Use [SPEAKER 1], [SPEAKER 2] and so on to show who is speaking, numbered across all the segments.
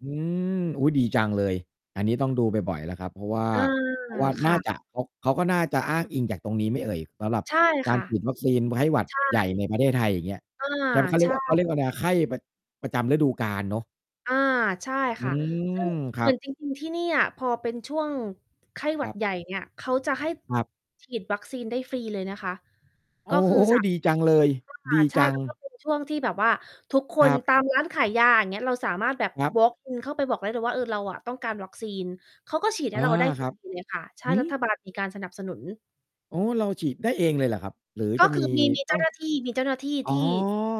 [SPEAKER 1] อืม อุ๊ย ดี จังเลย อันนี้ ต้องดูบ่อย ๆ แล้วครับ เพราะว่า
[SPEAKER 2] อา
[SPEAKER 1] เพราะว่า
[SPEAKER 2] ค
[SPEAKER 1] น่
[SPEAKER 2] ่
[SPEAKER 1] า
[SPEAKER 2] ะ
[SPEAKER 1] จะ เขา เขาก็น่าจะอ้างอิงจากตรงนี้ไหมเอ่ย? สำหรับ
[SPEAKER 2] ใช่
[SPEAKER 1] ก
[SPEAKER 2] ค
[SPEAKER 1] าร
[SPEAKER 2] ่ะ
[SPEAKER 1] ฉีดวัคซีน ไข้หวัด
[SPEAKER 2] ใช่
[SPEAKER 1] ใหญ่ในประเทศไทย อย่างเงี้ย
[SPEAKER 2] อา
[SPEAKER 1] จำ เขาเร
[SPEAKER 2] ใ
[SPEAKER 1] ี
[SPEAKER 2] ช
[SPEAKER 1] ยก
[SPEAKER 2] ่
[SPEAKER 1] ว่า เขาเรียกว่า ไรอะ ไข้ประ ประจำฤดูกาลเนาะ
[SPEAKER 2] อา ใช่
[SPEAKER 1] อื
[SPEAKER 2] ค่ะ
[SPEAKER 1] ม
[SPEAKER 2] ซึ่ง
[SPEAKER 1] ค
[SPEAKER 2] เ
[SPEAKER 1] ร
[SPEAKER 2] ห
[SPEAKER 1] ั
[SPEAKER 2] มือ
[SPEAKER 1] บ
[SPEAKER 2] นจริง ๆ ที่นี่อะ พอเป็นช่วงไข้ห
[SPEAKER 1] ค
[SPEAKER 2] วั
[SPEAKER 1] ร
[SPEAKER 2] ด
[SPEAKER 1] ับ
[SPEAKER 2] ใหญ่เนี่ย เขาจะให้
[SPEAKER 1] ครับ
[SPEAKER 2] ฉีด วัคซีนได้ฟรีเลยนะคะ
[SPEAKER 1] โอ
[SPEAKER 2] ก็
[SPEAKER 1] ้
[SPEAKER 2] คือ สะ
[SPEAKER 1] ดีจังเลย
[SPEAKER 2] ว่
[SPEAKER 1] ด
[SPEAKER 2] า
[SPEAKER 1] ี
[SPEAKER 2] ใช่
[SPEAKER 1] จั
[SPEAKER 2] แ
[SPEAKER 1] ง
[SPEAKER 2] ล้วก็เป็น ช่วงที่แบบว่าทุกค
[SPEAKER 1] คร
[SPEAKER 2] น
[SPEAKER 1] ับ
[SPEAKER 2] ตาม ร้าน ขายยา อย่างเงี้ย เราสามารถแบบ
[SPEAKER 1] ครับ
[SPEAKER 2] วอล์กอิน เข้าไปบอกได้เลยว่า "เออ เราอะต้องการวัคซีน" เขาก็ฉีดใ
[SPEAKER 1] อ
[SPEAKER 2] ห้
[SPEAKER 1] า
[SPEAKER 2] เราได้ ฟ
[SPEAKER 1] ค
[SPEAKER 2] ร
[SPEAKER 1] รับ
[SPEAKER 2] ี ๆ เลยค่ะ ใช่
[SPEAKER 1] หื
[SPEAKER 2] รั
[SPEAKER 1] อ?
[SPEAKER 2] ฐบาล มีการสนับสนุน
[SPEAKER 1] อ๋อ เราฉีดได้เองเลยเหรอครับ? หรือ
[SPEAKER 2] ก
[SPEAKER 1] จ
[SPEAKER 2] ็
[SPEAKER 1] ะ
[SPEAKER 2] ค
[SPEAKER 1] ม
[SPEAKER 2] ื
[SPEAKER 1] ี
[SPEAKER 2] อ มี มี
[SPEAKER 1] ต
[SPEAKER 2] เจ
[SPEAKER 1] ้
[SPEAKER 2] ้
[SPEAKER 1] อ
[SPEAKER 2] า
[SPEAKER 1] ง
[SPEAKER 2] หน้าที่ มีเจ้าหน้าที่
[SPEAKER 1] อ๋อ
[SPEAKER 2] ที่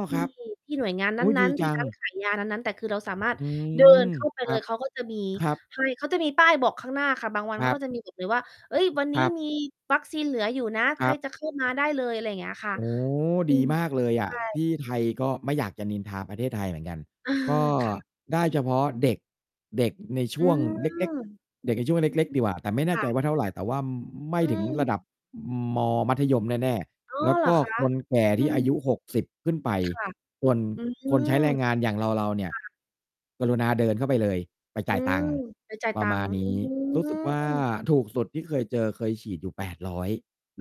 [SPEAKER 2] ท
[SPEAKER 1] ค
[SPEAKER 2] ี่
[SPEAKER 1] รับ
[SPEAKER 2] ที่ หน่วยงาน
[SPEAKER 1] โอ
[SPEAKER 2] น
[SPEAKER 1] ๊ย ด
[SPEAKER 2] ั
[SPEAKER 1] ี
[SPEAKER 2] ้น ๆ ท
[SPEAKER 1] จ
[SPEAKER 2] ี
[SPEAKER 1] ั
[SPEAKER 2] ่ร
[SPEAKER 1] ง
[SPEAKER 2] ้านขายยา นั้น ๆ แต่คือเราสามารถ
[SPEAKER 1] อื
[SPEAKER 2] เดิน
[SPEAKER 1] ม
[SPEAKER 2] เข้าไป
[SPEAKER 1] ค
[SPEAKER 2] เ
[SPEAKER 1] รั
[SPEAKER 2] ลย
[SPEAKER 1] บ
[SPEAKER 2] เขาก็จะมี
[SPEAKER 1] ครับ
[SPEAKER 2] ให้ เขาจะมีป้ายบอกข้างหน้าค่ะ บางวัน
[SPEAKER 1] ค
[SPEAKER 2] เข
[SPEAKER 1] ร
[SPEAKER 2] า
[SPEAKER 1] ับ
[SPEAKER 2] ก็จะมี หยิบ เลยว่า "เฮ้ย วันน
[SPEAKER 1] ค
[SPEAKER 2] ี้
[SPEAKER 1] รับ
[SPEAKER 2] มี วัคซีนเหลืออยู่นะ ใ
[SPEAKER 1] ค
[SPEAKER 2] ค
[SPEAKER 1] ร
[SPEAKER 2] ร
[SPEAKER 1] ับ
[SPEAKER 2] จะ เข้า มาได้เลย" อะไรเงี้ยค่ะ
[SPEAKER 1] โอ้
[SPEAKER 2] อื
[SPEAKER 1] ดี
[SPEAKER 2] ม
[SPEAKER 1] มากเลยอ
[SPEAKER 2] ใช
[SPEAKER 1] ะ
[SPEAKER 2] ่
[SPEAKER 1] ที่ไทยก็ ไม่อยากจะนินทาประเทศไทยเหมือนกัน
[SPEAKER 2] เออ
[SPEAKER 1] ก็
[SPEAKER 2] ค่ะ
[SPEAKER 1] ได้เฉพาะเด็ก เด็กในช
[SPEAKER 2] อื
[SPEAKER 1] ่วงเล็ก
[SPEAKER 2] ม
[SPEAKER 1] ๆ เด็กในช่วงเล็ก ๆ ดีกว่า แต่ไม่แน
[SPEAKER 2] ค
[SPEAKER 1] ่
[SPEAKER 2] ่
[SPEAKER 1] ใจ
[SPEAKER 2] ะ
[SPEAKER 1] ว่าเท่าไร แต่ว่า ม ไม่
[SPEAKER 2] อื
[SPEAKER 1] ถึงร
[SPEAKER 2] ม
[SPEAKER 1] ะดับ อืม มอ มัธยมแน่
[SPEAKER 2] อ่อ
[SPEAKER 1] ๆ แล้ว
[SPEAKER 2] เหร
[SPEAKER 1] ก
[SPEAKER 2] อ
[SPEAKER 1] ็
[SPEAKER 2] คะ?
[SPEAKER 1] คนแก่
[SPEAKER 2] อื
[SPEAKER 1] ที่อา
[SPEAKER 2] ม
[SPEAKER 1] ยุ 60 ขึ้นไป
[SPEAKER 2] ค่ะ
[SPEAKER 1] ส่วน
[SPEAKER 2] อื
[SPEAKER 1] คนใช้
[SPEAKER 2] ม
[SPEAKER 1] แรงงานอย่างเรา ๆ เนี่
[SPEAKER 2] ค
[SPEAKER 1] ย
[SPEAKER 2] ่ะ
[SPEAKER 1] กรุณาเดินเข้าไปเลย ไป
[SPEAKER 2] อ
[SPEAKER 1] จ่
[SPEAKER 2] ื
[SPEAKER 1] ายตั
[SPEAKER 2] ม
[SPEAKER 1] งค์
[SPEAKER 2] ไปจ่าย
[SPEAKER 1] ปร
[SPEAKER 2] ต
[SPEAKER 1] ะ
[SPEAKER 2] ั
[SPEAKER 1] ม
[SPEAKER 2] ง
[SPEAKER 1] า
[SPEAKER 2] ค
[SPEAKER 1] ณ
[SPEAKER 2] ์ อ
[SPEAKER 1] น
[SPEAKER 2] ื
[SPEAKER 1] ี้ รู้สึกว่า
[SPEAKER 2] ม
[SPEAKER 1] ถูกสุดที่เคยเจอ เคยฉีดอยู่ 800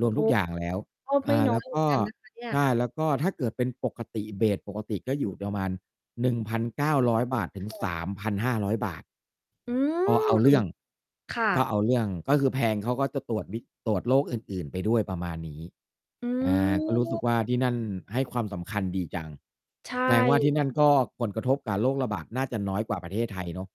[SPEAKER 1] รวม
[SPEAKER 2] โอ
[SPEAKER 1] ท
[SPEAKER 2] ้
[SPEAKER 1] ุก อย่างแล้ว
[SPEAKER 2] ก็
[SPEAKER 1] อ
[SPEAKER 2] ไม
[SPEAKER 1] ่
[SPEAKER 2] ่
[SPEAKER 1] า
[SPEAKER 2] น้
[SPEAKER 1] แล
[SPEAKER 2] อ
[SPEAKER 1] ้ว
[SPEAKER 2] ยเหม
[SPEAKER 1] ก
[SPEAKER 2] ือ
[SPEAKER 1] ็
[SPEAKER 2] นกันนะคะเนี่ย
[SPEAKER 1] ใช่ แล้วก็ถ้าเกิดเป็นปกติ เบส ปกติก็อยู่ประมาณ 1,900 บาท ถึง
[SPEAKER 2] ค่
[SPEAKER 1] ส
[SPEAKER 2] ะ
[SPEAKER 1] ามพันห้าร้อย บาท
[SPEAKER 2] อื
[SPEAKER 1] ก็เ
[SPEAKER 2] ม
[SPEAKER 1] อาเรื่อง
[SPEAKER 2] ค่
[SPEAKER 1] ก็
[SPEAKER 2] ะ
[SPEAKER 1] เอาเรื่อง ก็คือแพง เขาก็จะตรวจวิ ตรวจโรคอื่น ๆ ไปด้วย ประมาณนี้
[SPEAKER 2] อื
[SPEAKER 1] อา ก็รู้สึก
[SPEAKER 2] ม
[SPEAKER 1] ว่า ที่นั่นให้ความสำคัญดีจัง
[SPEAKER 2] ใช
[SPEAKER 1] แสดงว่า
[SPEAKER 2] ่
[SPEAKER 1] ที่นั่นก็ผล กระทบกับโรคระบาดน่าจะน้อยกว่าประเทศไทยเนาะ